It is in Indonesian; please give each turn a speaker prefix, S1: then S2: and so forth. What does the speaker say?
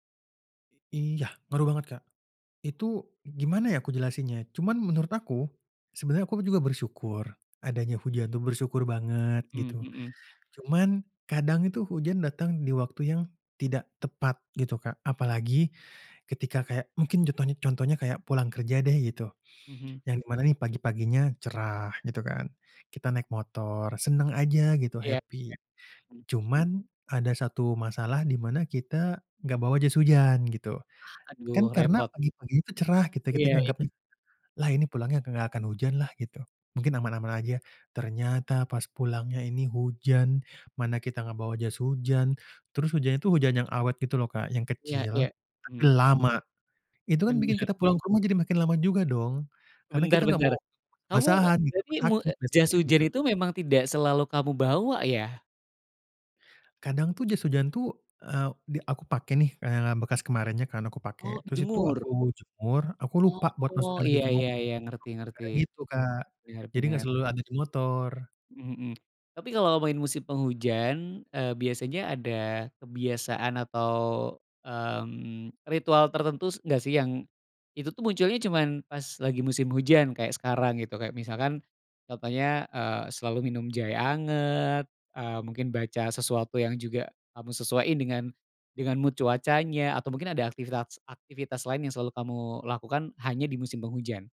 S1: Iya ngaruh banget, Kak. Itu gimana ya aku jelasinnya, cuman menurut aku, sebenarnya aku juga bersyukur adanya hujan tuh, bersyukur banget, gitu.
S2: Mhm.
S1: Cuman kadang itu hujan datang di waktu yang tidak tepat gitu, Kak. Apalagi, ketika kayak mungkin contohnya contohnya kayak pulang kerja deh gitu,
S2: Mhm.
S1: yang di mana nih pagi paginya cerah gitu kan, kita naik motor, senang aja gitu,
S2: Ya ya,
S1: happy.
S2: mhm.
S1: Cuman ada satu masalah di mana kita enggak bawa jas hujan, gitu. Kan,
S2: Aduh
S1: karena
S2: repot.
S1: pagi-pagi cerah kita
S2: Iya, e
S1: nganggepnya lah ini pulangnya enggak akan hujan lah gitu. Mungkin aman-aman aja, ternyata pas pulangnya ini hujan. Mana kita nggak bawa jas hujan, terus hujan itu hujan yang awet gitu loh Kak, yang
S2: Iya
S1: kecil,
S2: iya,
S1: tapi
S2: mhm.
S1: lama. Itu kan bikin
S2: Benar.
S1: kita pulang ke rumah jadi makin lama juga dong, karena
S2: Bentar
S1: kita enggak
S2: bentar.
S1: mau
S2: Kamu,
S1: kebasahan gitu,
S2: jadi mu
S1: sakit,
S2: jas
S1: besoknya
S2: hujan
S1: gitu.
S2: itu memang tidak selalu kamu bawa ya?
S1: Kadang tuh jas hujan tuh, e di aku pake nih, eee, bekas kemarinnya kan aku pake.
S2: Oh
S1: Terus itu
S2: jemur.
S1: aku jemur, aku lupa buat
S2: Oh
S1: masukin lagi
S2: iya
S1: ke
S2: iya
S1: motor.
S2: iya, ngerti ngerti.
S1: Kadang gitu Kak,
S2: Benar
S1: jadi nggak
S2: benar.
S1: selalu ada di motor.
S2: Mhm, tapi kalau ngomongin musim penghujan, e biasanya ada kebiasaan atau, mmm, ritual tertentu nggak sih, yang itu tuh munculnya cuman pas lagi musim hujan, kayak sekarang gitu. Kayak misalkan contohnya, eee, selalu minum jahe anget, eee, mungkin baca sesuatu yang juga kamu sesuai dengan mood cuacanya. Atau mungkin ada aktivitas-aktivitas lain yang selalu kamu lakukan, hanya di musim penghujan?